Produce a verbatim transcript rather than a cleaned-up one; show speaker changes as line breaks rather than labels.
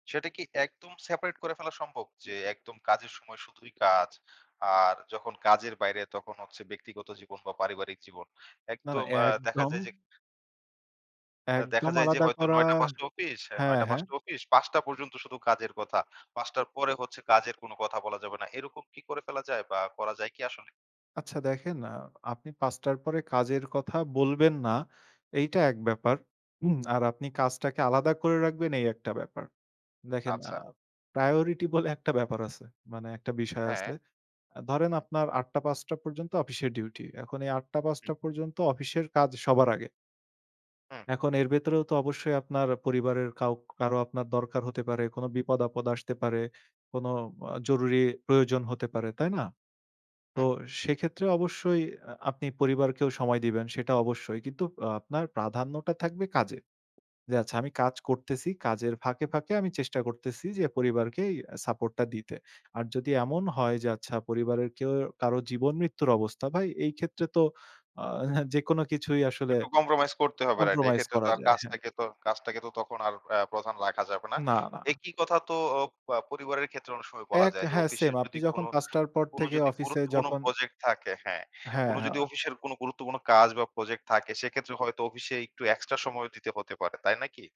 সেটা কি একদম সেপারেট করে ফেলা সম্ভব? যে একদম কাজের সময় শুধুই কাজ, আর যখন কাজের বাইরে তখন হচ্ছে ব্যক্তিগত জীবন বা পারিবারিক জীবন?
না, না
একদম আ দেখা
একদম
যায় যে অ্যা দেখা
একদম
যায় যে,
আলাদা
হয়তো
করা
নয় টা- পাঁচ টা অফিস, নয়
হ্যাঁ,
টা- পাঁচ
হ্যাঁ।
টা অফিস। পাঁচ টা পর্যন্ত শুধু কাজের কথা। পাঁচ টার পরে হচ্ছে কাজের কোন কথা বলা যাবে না। এরকম কি করে ফেলা যায় বা করা যায় কি আসলে?
আচ্ছা দেখেন আ আপনি পাঁচ টার পরে কাজের কথা বলবেন না, এইটা এক ব্যাপার। উম আর আপনি কাজটাকে আলাদা করে রাখবেন, এই একটা ব্যাপার। দেখেন আ
আচ্ছা।
প্রায়োরিটি বলে একটা ব্যাপার আছে। মানে এক টা বিষয়
হ্যাঁ।
আছে। অ্যা ধরেন
হু।
আপনার আট টা- পাঁচ টা পর্যন্ত অফিসের ডিউটি। এখন এই আট টা- পাঁচ
হু।
টা পর্যন্ত অফিসের কাজ সবার আগে।
হু।
এখন এর ভেতরেও তো অবশ্যই আপনার পরিবারের কাও কারো আপনার দরকার হতে পারে, কোন বিপদ-আপদ আসতে পারে, কোন আ জরুরি প্রয়োজন হতে পারে, তাই না?
হু।
তো সেক্ষেত্রে অবশ্যই অ্যা আপনি পরিবারকেও সময় দিবেন সেটা অবশ্যই। কিন্তু আ আপনার প্রাধান্যটা থাকবে কাজে। যে আচ্ছা আমি কাজ করতেছি, কাজের ফাঁকে, ফাঁকে আমি চেষ্টা করতেছি যে, পরিবারকে এই সাপোর্ট টা দিতে। আর যদি এমন হয় যে আচ্ছা পরিবারের কেউ কারো জীবন মৃত্যুর অবস্থা, ভাই এই ক্ষেত্রে তো আ হ্যাঁ, যেকোনো কিছুই আসলে
একটু কম্প্রোমাইজ করতে হবে, রাইট।
কম্প্রোমাইজ
এক্ষেত্রে তো
করা
আর
যায়, হ্যাঁ।
কাজটাকে তো কাজটাকে তো তখন আর অ্যা প্রধান রাখা যাবে না।
না, না।
একই কথা তো ওপ আ পরিবারের ক্ষেত্রে অনেক সময় বলা
এক,
যায়। যে
হ্যাঁ, সেম
অফিসের
আপনি
যদি কোন,
যখন পাঁচ টার পর
কোন
থেকে
যদি
অফিসে
গুরুত্বপূর্ণ
যখন
প্রজেক্ট থাকে, হ্যাঁ।
হ্যাঁ,
কোন যদি
হ্যাঁ।
অফিসের কোন গুরুত্বপূর্ণ কাজ বা প্রজেক্ট থাকে, সেক্ষেত্রে হয়তো অফিসে একটু এক্সট্রা সময় দিতে হতে পারে, তাই না কি?